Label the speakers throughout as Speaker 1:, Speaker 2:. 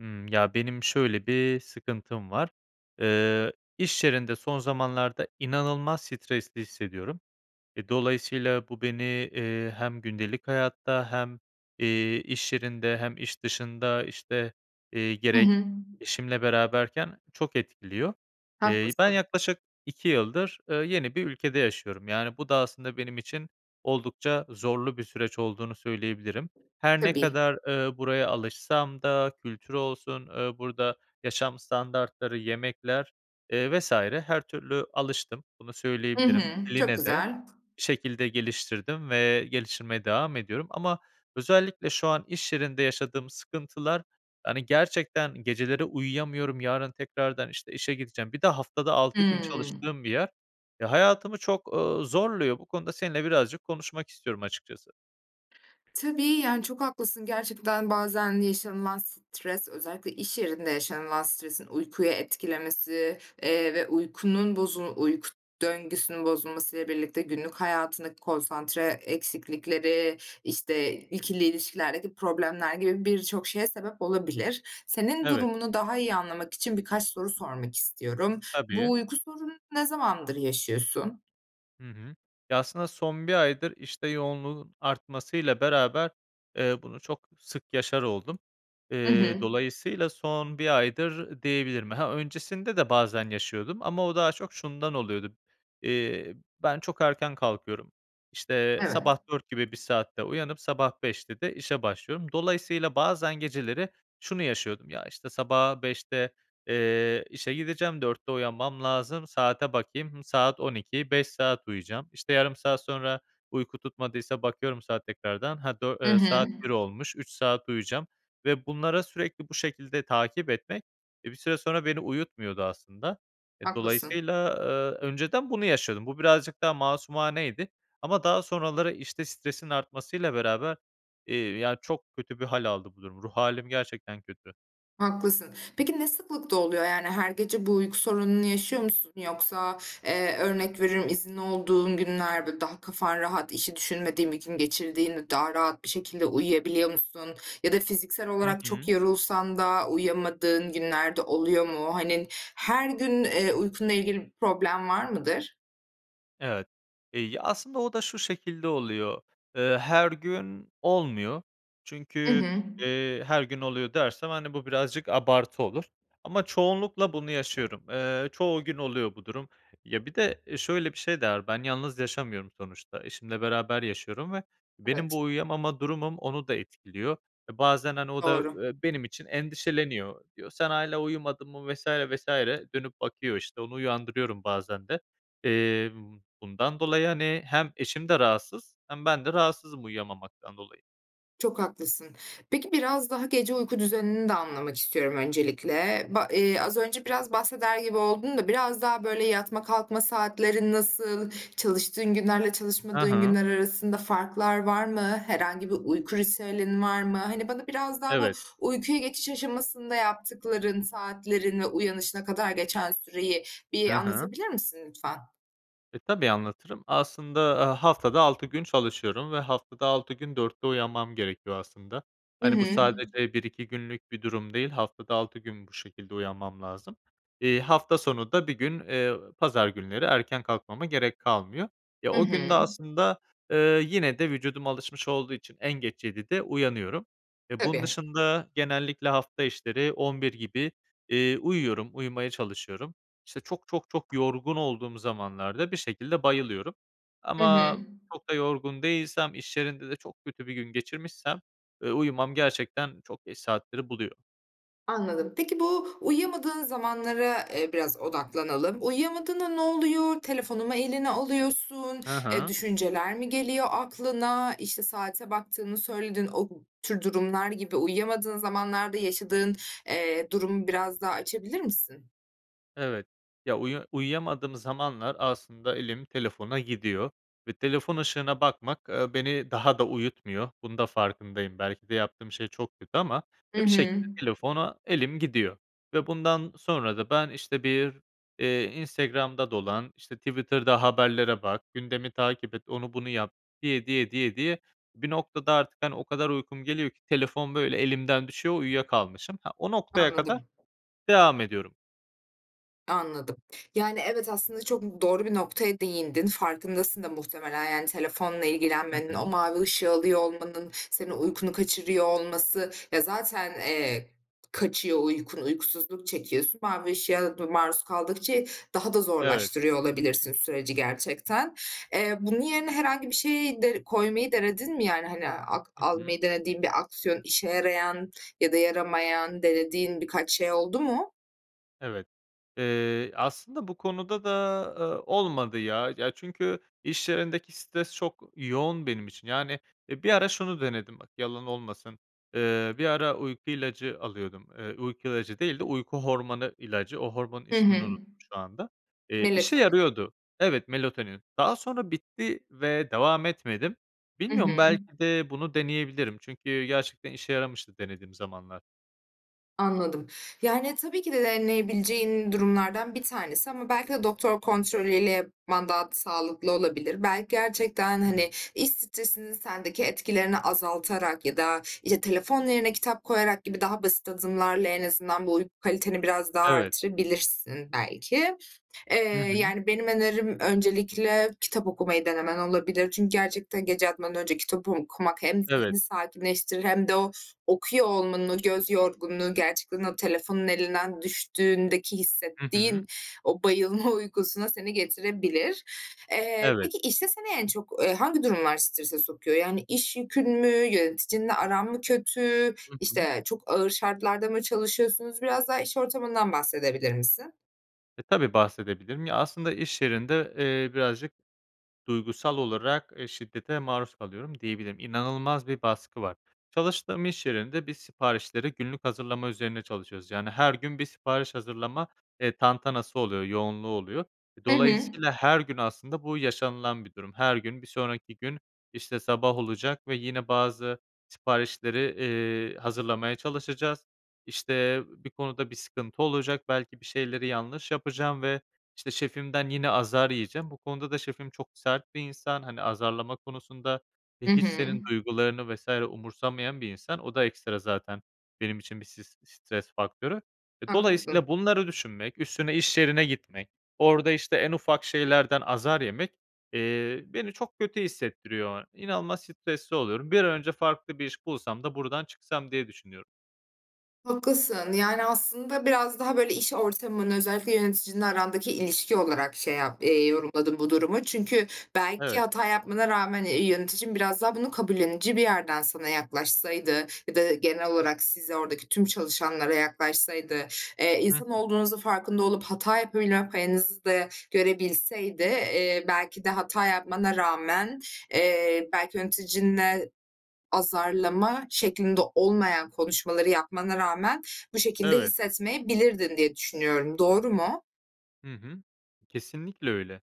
Speaker 1: Hımm. Ya, benim şöyle bir sıkıntım var. Iıı, iş yerinde son zamanlarda inanılmaz stresli hissediyorum. Eee, dolayısıyla bu beni, ııı, hem gündelik hayatta hem, iii, iş yerinde hem iş dışında, işte, iii,
Speaker 2: Hı
Speaker 1: gerek
Speaker 2: hı.
Speaker 1: eşimle beraberken çok etkiliyor. İii, ben
Speaker 2: Haklısın.
Speaker 1: yaklaşık 2 yıldır, ııı, yeni bir ülkede yaşıyorum. Yani, bu da aslında benim için oldukça zorlu bir süreç olduğunu söyleyebilirim. Her ne
Speaker 2: Tabii.
Speaker 1: kadar, ııı, buraya alışsam da kültürü olsun, ııı, burada yaşam standartları, yemekler, ııı, vs. her türlü alıştım. Bunu
Speaker 2: Hı hı.
Speaker 1: söyleyebilirim.
Speaker 2: Çok
Speaker 1: Diline de
Speaker 2: güzel.
Speaker 1: bir şekilde geliştirdim ve geliştirmeye devam ediyorum ama özellikle şu an iş yerinde yaşadığım sıkıntılar, hani, gerçekten geceleri uyuyamıyorum. "Yarın tekrardan, işte, işe gideceğim." Bir de haftada 6 gün
Speaker 2: Hımm.
Speaker 1: çalıştığım bir yer. Ya, hayatımı çok, ııı, zorluyor. Bu konuda seninle birazcık konuşmak istiyorum açıkçası.
Speaker 2: Tabii, yani, çok haklısın. Gerçekten bazen yaşanılan stres, özellikle iş yerinde yaşanılan stresin uykuyu etkilemesi, eee, ve uykunun, bozu uyku döngüsünün bozulmasıyla birlikte günlük hayatındaki konsantre eksiklikleri, işte, ikili ilişkilerdeki problemler gibi birçok şeye sebep olabilir. Senin
Speaker 1: Evet.
Speaker 2: durumunu daha iyi anlamak için birkaç soru sormak istiyorum. Bu
Speaker 1: Tabii.
Speaker 2: uyku sorununu ne zamandır yaşıyorsun?
Speaker 1: Hı hı. Ya, aslında son 1 aydır, işte yoğunluğun artmasıyla beraber, eee, bunu çok sık yaşar oldum.
Speaker 2: I
Speaker 1: Eee,
Speaker 2: hı.
Speaker 1: dolayısıyla son 1 aydır diyebilirim. Ha, öncesinde de bazen yaşıyordum ama o daha çok şundan oluyordu: Eee, ben çok erken kalkıyorum. İşte,
Speaker 2: Evet.
Speaker 1: sabah 04.00 gibi bir saatte uyanıp sabah 05.00'te de işe başlıyorum. Dolayısıyla bazen geceleri şunu yaşıyordum: "Ya, işte, sabaha 05.00'te, eee, işe gideceğim, 04.00'te uyanmam lazım. Saate bakayım, hımm, saat 00.00 5 saat uyuyacağım." İşte, yarım saat sonra uyku tutmadıysa bakıyorum saat tekrardan, "Ha, dö
Speaker 2: Hı
Speaker 1: eee, saat
Speaker 2: hı.
Speaker 1: 01.00 olmuş, 3 saat uyuyacağım." Ve bunlara sürekli bu şekilde takip etmek, e, bir süre sonra beni uyutmuyordu aslında. E,
Speaker 2: Haklısın.
Speaker 1: dolayısıyla, eee, önceden bunu yaşıyordum. Bu birazcık daha masumaneydi. Ama daha sonraları, işte stresin artmasıyla beraber, eee, ya, çok kötü bir hâl aldı bu durum. Ruh hâlim gerçekten kötü.
Speaker 2: Haklısın. Peki ne sıklıkta oluyor? Yani, her gece bu uyku sorununu yaşıyor musun? Yoksa, eee, örnek veriyorum, izinli olduğun günler böyle, daha kafan rahat, işi düşünmediğin bir gün geçirdiğinde daha rahat bir şekilde uyuyabiliyor musun? Ya da fiziksel
Speaker 1: Hı
Speaker 2: olarak çok
Speaker 1: hı.
Speaker 2: yorulsan da uyuyamadığın günler de oluyor mu? Hani, her gün, eee, uykunla ilgili bir problem var mıdır?
Speaker 1: Evet, iii, ya, aslında o da şu şekilde oluyor: Eee, her gün olmuyor,
Speaker 2: I
Speaker 1: çünkü,
Speaker 2: hı.
Speaker 1: eee, her gün oluyor dersem, hani, bu birazcık abartı olur ama çoğunlukla bunu yaşıyorum. Eee, çoğu gün oluyor bu durum. Ya, bir de, eee, şöyle bir şey de var: Ben yalnız yaşamıyorum sonuçta, eşimle beraber yaşıyorum ve benim
Speaker 2: Evet.
Speaker 1: bu uyuyamama durumum onu da etkiliyor ve bazen, hani, o da,
Speaker 2: Doğru.
Speaker 1: ııı, benim için endişeleniyor. Diyor: "Sen hâlâ uyumadın mı?" vs. vs. Dönüp bakıyor, işte, onu uyandırıyorum bazen de. Eee, bundan dolayı, hani, hem eşim de rahatsız hem bende rahatsızım uyuyamamaktan dolayı.
Speaker 2: Çok haklısın. Peki, biraz daha gece uyku düzenini de anlamak istiyorum öncelikle. Ba eee, az önce biraz bahseder gibi oldun da biraz daha, böyle, yatma kalkma saatlerin nasıl, çalıştığın günlerle
Speaker 1: Ha
Speaker 2: çalışmadığın
Speaker 1: ha.
Speaker 2: günler arasında farklar var mı? Herhangi bir uyku ritüelin var mı? Hani, bana biraz daha bu
Speaker 1: Evet.
Speaker 2: uykuya geçiş aşamasında yaptıkların, saatlerine, uyanışına kadar geçen süreyi bir
Speaker 1: Hı hı.
Speaker 2: anlatabilir misin, lütfen?
Speaker 1: E, tabii anlatırım. Aslında, aaa, haftada 6 gün çalışıyorum ve haftada 6 gün 04.00'te uyanmam gerekiyor aslında.
Speaker 2: I
Speaker 1: Hani, bu
Speaker 2: hı.
Speaker 1: sadece 1-2 günlük bir durum değil, haftada 6 gün bu şekilde uyanmam lazım. İii, hafta sonu da 1 gün, eee, pazar günleri erken kalkmama gerek kalmıyor. E,
Speaker 2: Hı
Speaker 1: o gün de
Speaker 2: hı.
Speaker 1: aslında, eee, yine de vücudum alışmış olduğu için en geç 07.00'de uyanıyorum. E, bunun
Speaker 2: Tabii.
Speaker 1: dışında genellikle hafta içleri 23.00 gibi, iii, uyuyorum, uyumaya çalışıyorum. İşte, çok, çok, çok yorgun olduğum zamanlarda bir şekilde bayılıyorum
Speaker 2: Hı hı.
Speaker 1: ama çok da yorgun değilsem, iş yerinde de çok kötü bir gün geçirmişsem, ııı, uyumam gerçekten çok geç saatleri buluyor.
Speaker 2: Anladım. Peki, bu uyuyamadığın zamanlara, eee, biraz odaklanalım. Uyuyamadığında ne oluyor? Telefonu mu eline alıyorsun?
Speaker 1: Hı
Speaker 2: Eee,
Speaker 1: hı.
Speaker 2: düşünceler mi geliyor aklına? İşte, saate baktığını söyledin. O tür durumlar gibi, uyuyamadığın zamanlarda yaşadığın, eee, durumu biraz daha açabilir misin?
Speaker 1: Evet, ya, uyu uyuyamadığım zamanlar aslında elim telefona gidiyor ve telefon ışığına bakmak, ııı, beni daha da uyutmuyor. Bunun da farkındayım. Belki de yaptığım şey çok kötü ama,
Speaker 2: Hı
Speaker 1: e, bir
Speaker 2: hı.
Speaker 1: şekilde telefona elim gidiyor ve bundan sonra da ben, işte, bir, eee, Instagram'da dolan, işte, Twitter'da haberlere bak, gündemi takip et, onu bunu yap diye diye, diye diye bir noktada artık, hani, o kadar uykum geliyor ki telefon böyle, elimden düşüyor. Uyuya kalmışım. Ha, o noktaya kadar
Speaker 2: Anladım.
Speaker 1: devam ediyorum.
Speaker 2: Anladım. Yani, evet, aslında çok doğru bir noktaya değindin. Farkındasın da muhtemelen, yani telefonla
Speaker 1: Hı
Speaker 2: ilgilenmenin, o
Speaker 1: hı.
Speaker 2: mavi ışığı alıyor olmanın, senin uykunu kaçırıyor olması. Ya, zaten, eee, kaçıyor uykun, uykusuzluk çekiyorsun. Mavi ışığa da maruz kaldıkça daha da
Speaker 1: Evet.
Speaker 2: zorlaştırıyor olabilirsin süreci gerçekten. Eee, bunun yerine herhangi bir şeyi de koymayı denedin mi? Yani, hani, ak
Speaker 1: Hı hı.
Speaker 2: almayı denediğin bir aksiyon, işe yarayan ya da yaramayan, denediğin birkaç şey oldu mu?
Speaker 1: Evet, eee, aslında bu konuda da, eee, olmadı, ya. Ya, çünkü iş yerindeki stres çok yoğun benim için. Yani, eee, bir ara şunu denedim, bak, yalan olmasın. Eee, bir ara uyku ilacı alıyordum. Eee, uyku ilacı değil de uyku hormonu ilacı. O hormonun
Speaker 2: Hı
Speaker 1: ismini
Speaker 2: hı.
Speaker 1: unuttum şu anda. Eee, işe
Speaker 2: Melatonin.
Speaker 1: yarıyordu. Evet, melatonin. Daha sonra bitti ve devam etmedim.
Speaker 2: Hı
Speaker 1: Bilmiyorum,
Speaker 2: hı.
Speaker 1: belki de bunu deneyebilirim. Çünkü gerçekten işe yaramıştı denediğim zamanlar.
Speaker 2: Anladım. Yani, tabii ki de deneyebileceğin durumlardan bir tanesi. Ama belki de doktor kontrolü ile yapman daha sağlıklı olabilir. Belki, gerçekten,
Speaker 1: Hıı.
Speaker 2: hani, iş stresinin sendeki etkilerini azaltarak ya da, işte, telefon yerine kitap koyarak gibi daha basit adımlarla en azından bu uyku kaliteni biraz daha
Speaker 1: Evet.
Speaker 2: artırabilirsin, belki. Eee,
Speaker 1: Hı hı.
Speaker 2: yani, benim önerim öncelikle kitap okumayı denemen olabilir. Çünkü gerçekten gece yatmadan önce kitap okumak hem
Speaker 1: Evet.
Speaker 2: zihni sakinleştirir hem de o okuyor olmanın, göz yorgunluğu, gerçekten o telefonun elinden düştüğündeki
Speaker 1: Hı hı.
Speaker 2: hissettiğin o bayılma uykusuna seni getirebilir. Eee,
Speaker 1: Evet.
Speaker 2: peki, işte, seni en çok hangi, eee, durumlar strese sokuyor? Yani, iş yükün mü, yöneticinle aran mı kötü,
Speaker 1: Hı hı.
Speaker 2: işte, çok ağır şartlarda mı çalışıyorsunuz? Biraz daha iş ortamından bahsedebilir misin?
Speaker 1: E, tabii, bahsedebilirim. Ya, aslında iş yerinde, eee, birazcık duygusal olarak şiddete maruz kalıyorum diyebilirim. İnanılmaz bir baskı var. Çalıştığım iş yerinde biz siparişleri günlük hazırlama üzerine çalışıyoruz. Yani, her gün bir sipariş hazırlama, eee, tantanası oluyor, yoğunluğu oluyor.
Speaker 2: Hı hı.
Speaker 1: Dolayısıyla her gün aslında bu yaşanılan bir durum. Her gün bir sonraki gün, işte, sabah olacak ve yine bazı siparişleri, iii, hazırlamaya çalışacağız. İşte, bir konuda bir sıkıntı olacak. Belki bir şeyleri yanlış yapacağım ve, işte, şefimden yine azar yiyeceğim. Bu konuda da şefim çok sert bir insan. Hani, azarlama konusunda ve
Speaker 2: Hı
Speaker 1: hiç
Speaker 2: hı.
Speaker 1: senin duygularını vs. umursamayan bir insan. O da ekstra zaten benim için bir s stres faktörü. Dolayısıyla
Speaker 2: Haklısın.
Speaker 1: bunları düşünmek, üstüne iş yerine gitmek, orada, işte, en ufak şeylerden azar yemek, eee, beni çok kötü hissettiriyor. İnanılmaz stresli oluyorum. Bir an önce farklı bir iş bulsam da buradan çıksam diye düşünüyorum.
Speaker 2: Haklısın, yani, aslında biraz daha, böyle, iş ortamın, özellikle yöneticinle arandaki ilişki olarak şey yap eee, diye yorumladım bu durumu. Çünkü belki
Speaker 1: Evet.
Speaker 2: hata yapmana rağmen, eee, yöneticin biraz daha bunu kabullenince bir yerden sana yaklaşsaydı ya da genel olarak size, oradaki tüm çalışanlara yaklaşsaydı, eee,
Speaker 1: Hı hı.
Speaker 2: insan olduğunuzun farkında olup hata yapabilme payınızı da görebilseydi, eee, belki de hata yapmana rağmen, eee, belki yöneticinle azarlama şeklinde olmayan konuşmaları yapmana rağmen bu şekilde
Speaker 1: Evet.
Speaker 2: hissetmeyebilirdin diye düşünüyorum. Doğru mu?
Speaker 1: Hı hı. Kesinlikle öyle,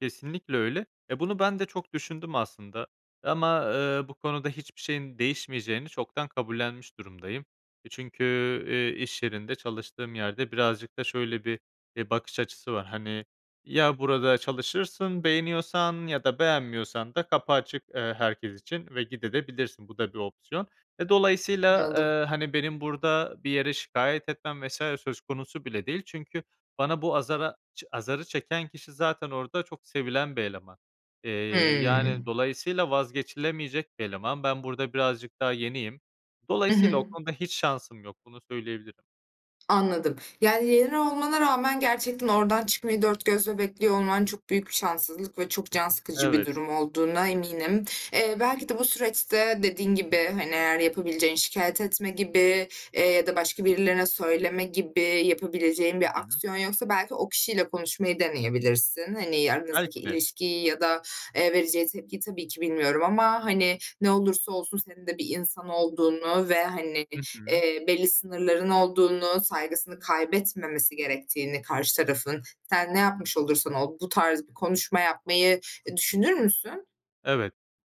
Speaker 1: kesinlikle öyle, e bunu ben de çok düşündüm aslında ama, eee, bu konuda hiçbir şeyin değişmeyeceğini çoktan kabullenmiş durumdayım. E, çünkü, eee, iş yerinde çalıştığım yerde birazcık da şöyle bir, e, bakış açısı var. Hani, "Ya burada çalışırsın, beğeniyorsan ya da beğenmiyorsan da kapı açık, eee, herkes için ve gidebilirsin de. Bu da bir opsiyon." Ve dolayısıyla,
Speaker 2: Anladım.
Speaker 1: eee, hani, benim burada bir yere şikâyet etmem vs. söz konusu bile değil. Çünkü bana bu azara azarı çeken kişi zaten orada çok sevilen bir eleman. Eee, yani,
Speaker 2: Hımm.
Speaker 1: dolayısıyla vazgeçilemeyecek bir eleman. Ben burada birazcık daha yeniyim.
Speaker 2: Hı
Speaker 1: Dolayısıyla
Speaker 2: hı.
Speaker 1: o konuda hiç şansım yok, bunu söyleyebilirim.
Speaker 2: Anladım. Yani, yeni olmana rağmen gerçekten oradan çıkmayı 4 gözle bekliyor olman çok büyük bir şanssızlık ve çok can sıkıcı bir
Speaker 1: Evet.
Speaker 2: durum olduğuna eminim. Eee, belki de, bu süreçte dediğin gibi, hani, eğer yapabileceğin şikâyet etme gibi, eee, ya da başka birilerine söyleme gibi yapabileceğin bir
Speaker 1: Hı hı.
Speaker 2: aksiyon yoksa, belki, o kişiyle konuşmayı deneyebilirsin. Hani, aranızdaki
Speaker 1: Belki de.
Speaker 2: ilişkiyi ya da, eee, vereceği tepkiyi tabii ki bilmiyorum ama, hani, ne olursa olsun senin de bir insan olduğunu ve, hani,
Speaker 1: Hı hı.
Speaker 2: eee, belli sınırların olduğunu, saygısını kaybetmemesi gerektiğini karşı tarafın, sen ne yapmış olursan ol. Bu tarz bir konuşma yapmayı, e, düşünür müsün?
Speaker 1: Evet.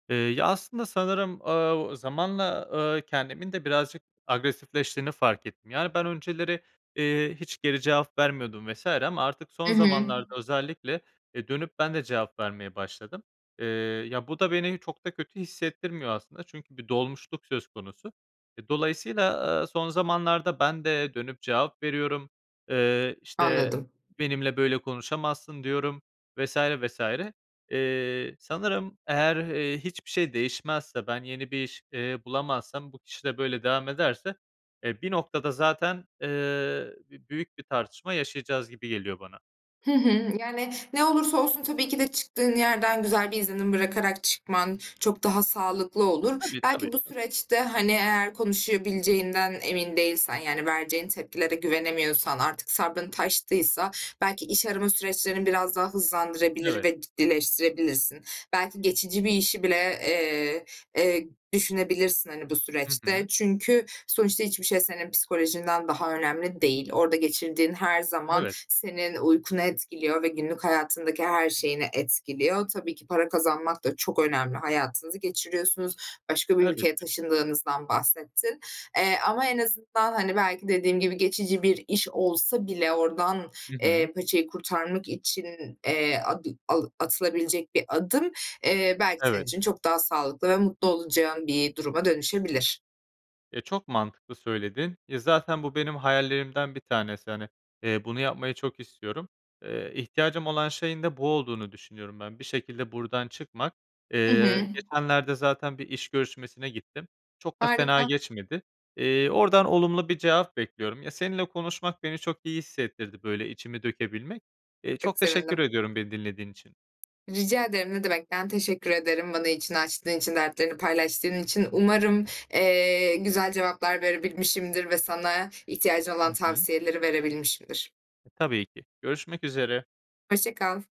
Speaker 1: Eee, ya, aslında sanırım, aaa, zamanla, aaa, kendimin de birazcık agresifleştiğini fark ettim. Yani, ben önceleri, eee, hiç geri cevap vermiyordum vs. ama artık son
Speaker 2: Hı hı.
Speaker 1: zamanlarda özellikle, eee, dönüp ben de cevap vermeye başladım. Eee, ya, bu da beni çok da kötü hissettirmiyor aslında çünkü bir dolmuşluk söz konusu. E, dolayısıyla, aaa, son zamanlarda ben de dönüp cevap veriyorum. Eee, işte,
Speaker 2: Anladım.
Speaker 1: "Benimle böyle konuşamazsın." diyorum vs, vs. Eee, sanırım eğer, eee, hiçbir şey değişmezse, ben yeni bir iş, eee, bulamazsam, bu kişi de böyle devam ederse, eee, bir noktada zaten, eee, b büyük bir tartışma yaşayacağız gibi geliyor bana.
Speaker 2: Hı hı. Yani, ne olursa olsun tabii ki de çıktığın yerden güzel bir izlenim bırakarak çıkman çok daha sağlıklı olur.
Speaker 1: Tabii, tabii,
Speaker 2: Belki bu
Speaker 1: tabii.
Speaker 2: süreçte, hani, eğer konuşabileceğinden emin değilsen, yani, vereceğin tepkilere güvenemiyorsan, artık sabrın taştıysa belki iş arama süreçlerini biraz daha hızlandırabilir
Speaker 1: Evet.
Speaker 2: ve [unintelligible] birleştirebilirsin. Belki, geçici bir işi bile, eee, eee, düşünebilirsin, hani, bu
Speaker 1: Hı
Speaker 2: süreçte.
Speaker 1: hı.
Speaker 2: Çünkü sonuçta hiçbir şey senin psikolojinden daha önemli değil. Orada geçirdiğin her zaman
Speaker 1: Evet.
Speaker 2: senin uykunu etkiliyor ve günlük hayatındaki her şeyini etkiliyor. Tabii ki para kazanmak da çok önemli. Hayatınızı geçiriyorsunuz başka bir ülkeye
Speaker 1: Elbette.
Speaker 2: taşındığınızdan bahsettin, eee, ama en azından, hani, belki dediğim gibi geçici bir iş olsa bile oradan,
Speaker 1: Hı hı.
Speaker 2: eee, paçayı kurtarmak için, eee, adı alı atılabilecek bir adım, eee, belki senin
Speaker 1: Evet.
Speaker 2: için çok daha sağlıklı ve mutlu olacağın bir duruma dönüşebilir.
Speaker 1: E, çok mantıklı söyledin. Ya, zaten bu benim hayallerimden bir tanesi. Hani, bunu yapmayı çok istiyorum. Eee, ihtiyacım olan şeyin de bu olduğunu düşünüyorum ben. Bir şekilde buradan çıkmak.
Speaker 2: Hı
Speaker 1: Eee,
Speaker 2: hı.
Speaker 1: geçenlerde zaten bir iş görüşmesine gittim. Çok da fena
Speaker 2: Harika.
Speaker 1: geçmedi. Eee, oradan olumlu bir cevap bekliyorum. Ya, seninle konuşmak beni çok iyi hissettirdi. Böyle, içimi dökebilmek. Eee,
Speaker 2: Çok
Speaker 1: çok teşekkür
Speaker 2: sevindim.
Speaker 1: ediyorum beni dinlediğin için.
Speaker 2: Rica ederim, ne demek. Ben teşekkür ederim bana içini açtığın için, dertlerini paylaştığın için. Umarım, eee, güzel cevaplar verebilmişimdir ve sana ihtiyacın
Speaker 1: Hı
Speaker 2: olan
Speaker 1: hı.
Speaker 2: tavsiyeleri verebilmişimdir.
Speaker 1: E, tabii ki görüşmek üzere.
Speaker 2: Hoşça kal.